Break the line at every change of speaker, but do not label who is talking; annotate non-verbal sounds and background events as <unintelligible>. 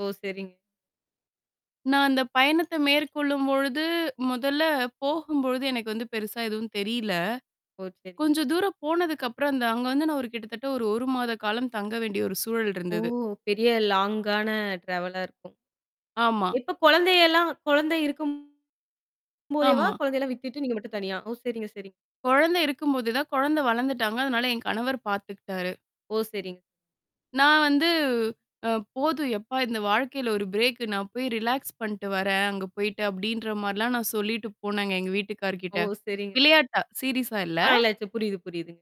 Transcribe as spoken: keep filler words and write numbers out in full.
ஓ! சரிங்க.
நான் அந்த பயணத்த மேற்கொள்ளும்பொழுது, முதல்ல போகும்பொழுது எனக்கு வந்து பெருசா எதுவும் தெரியல.
ஓ! சரி.
கொஞ்சம் தூரம் போனதுக்கப்புறம் அந்த அங்க வந்து நான் ஒரு கிட்டத்தட்ட ஒரு ஒரு மாத காலம் தங்க வேண்டிய ஒரு சூழல்
ஓ!
இருந்தது.
பெரிய லாங்கான ட்ராவலா இருக்கும்.
ஆமா.
இப்ப குழந்தையெல்லாம் குழந்தை இருக்கும்போதேவா!
ஆமா.
குழந்தையெல்லாம் விட்டுட்டு, நீங்க மட்டும் தனியா ஓ! சரிங்க, சரிங்க.
குழந்தை இருக்கும்போது தான், குழந்தை வளர்ந்துட்டாங்க. அதனால என் கணவர் பார்த்துக்கிட்டாரு.
ஓ! சரிங்க.
நான் வந்து அ "போதும் எப்பா! இந்த வாழ்க்கையில ஒரு பிரேக்கு நான் போய் ரிலாக்ஸ் பண்ட்டு வர்றேன், அங்க போயிட்டு", அப்பிடின்ற மாரிலாம் நான் சொல்லிட்டு போனேங்க எங்க
ஓ!
வீட்டுக்கார்கிட்ட.
சரிங்க.
விளையாட்டா, சீரிஸா
ஆ
இல்ல.
<unintelligible> புரியுது, புரியுதுங்க.